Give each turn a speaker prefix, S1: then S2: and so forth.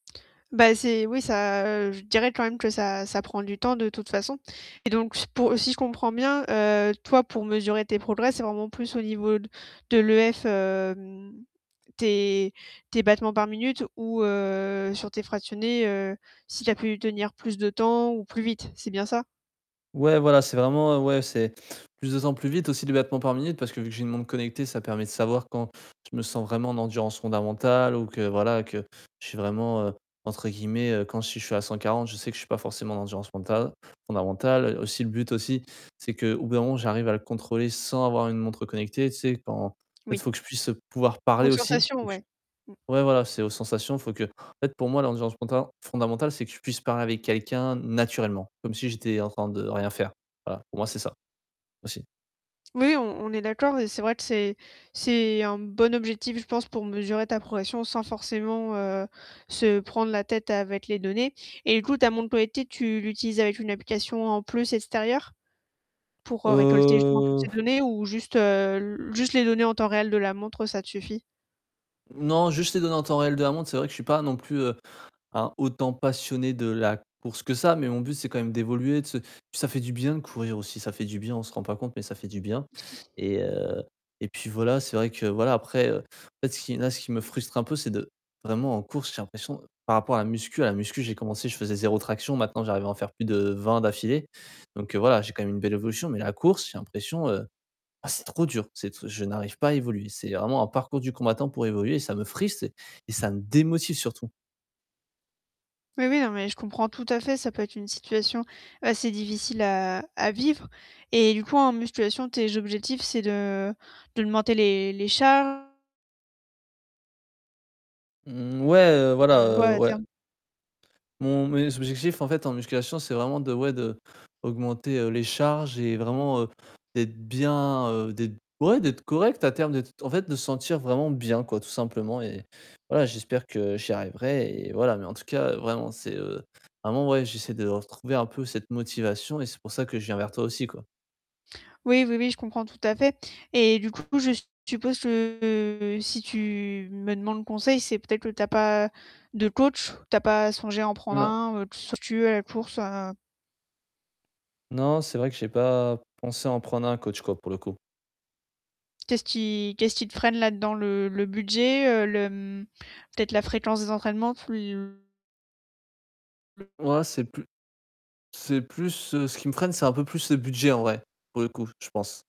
S1: Ben c'est oui ça, heu, je dirais quand même que ça ça prend du temps de toute façon. Et donc pour si je comprends bien, heu, toi pour mesurer tes progrès, c'est vraiment plus au niveau de l'EF, hem, tes tes battements par minute ou, heu, sur tes fractionnés, heu, si tu as pu tenir plus de temps ou plus vite c'est bien ça?
S2: Ouais voilà, c'est vraiment, heu, ouais c'est, plus de temps plus vite aussi de battement par minute parce que vu j'ai une montre connectée, ça permet de savoir quand je me sens vraiment en endurance fondamentale ou que, voilà, que je suis vraiment, heu, entre guillemets, heu, quand je suis à 140, je sais que je suis pas forcément en endurance mentale, fondamentale. Et aussi le but aussi, c'est qu'au bout d'un moment j'arrive à le contrôler sans avoir une montre connectée, tu sais quand en fait
S1: Oui.
S2: faut que je puisse pouvoir parler
S1: Aux
S2: aussi
S1: sensations,
S2: donc
S1: ouais. Mmh.
S2: Ouais voilà, c'est aux sensations, faut que en fait pour moi l'ambiance mentale fondamentale c'est que je puisse parler avec quelqu'un naturellement comme si j'étais en train de rien faire. Voilà, pour moi c'est ça, aussi.
S1: Oui, oui, on on est d'accord et c'est vrai que c'est c'est un bon objectif, je pense, pour mesurer ta progression sans forcément, heu, se prendre la tête avec les données. Et écoute, ta montre connectée tu l'utilisais avec une application en plus extérieure? Pour, heu, récolter justement toutes ces
S2: Heu.
S1: données ou juste, heu, juste les données en temps réel de la montre, ça te suffit?
S2: Non, juste les données en temps réel de la montre, c'est vrai que je suis pas non plus, heu, un autant passionné de la course que ça, mais mon but c'est quand même d'évoluer, de se ça fait du bien de courir aussi, ça fait du bien, on se rend pas compte, mais ça fait du bien. Et, heu, et puis voilà, c'est vrai que voilà, après, heu, en fait ce qui là ce qui me frustre un peu c'est de vraiment en course j'ai l'impression par rapport à la muscu à la muscu j'ai commencé je faisais 0 traction maintenant j'arrive à en faire plus de 20 d'affilée donc heu voilà j'ai quand même une belle évolution mais la course j'ai l'impression, heu, ah c'est trop dur, c'est t je n'arrive pas à évoluer. C'est vraiment un parcours du combattant pour évoluer, ça me frustre et ça me démotive surtout.
S1: Oui oui, non, mais je comprends tout à fait, ça peut être une situation assez difficile à à vivre. Et du coup, en musculation, tes objectifs, c'est de d'augmenter les, les charges?
S2: Mmh. Ouais voilà,
S1: Heu, ouais
S2: heu
S1: à
S2: ouais.
S1: terme.
S2: Mon mes objectifs en fait, en musculation c'est vraiment de, ouais, d'augmenter, heu, les charges et vraiment, heu, d'être bien, heu, d'être ouais d'être correct à terme d'être, en fait de se sentir vraiment bien quoi tout simplement et voilà j'espère que j'y arriverai et voilà mais en tout cas vraiment c'est, heu, vraiment j'essaie de retrouver un peu cette motivation et c'est pour ça que je viens vers toi aussi, quoi.
S1: Oui oui oui je comprends tout à fait. Et du coup je suppose que si tu me demandes conseil, c'est peut-être que tu as pas de coach? Tu as pas songé à en prendre
S2: Non.
S1: un ou [unintelligible] à la course, heu?
S2: Non, c'est vrai que j'ai pas pensé à en prendre un coach, quoi, pour le coup.
S1: Qu'est-ce qui qu'est-ce qui te freine là-dedans? Le le budget le, hem, peut-être la fréquence des entraînements plus [unintelligible]
S2: Ouais, c'est plus c'est plus, heu, ce qui me freine, c'est un peu plus le budget en vrai pour le coup, je pense.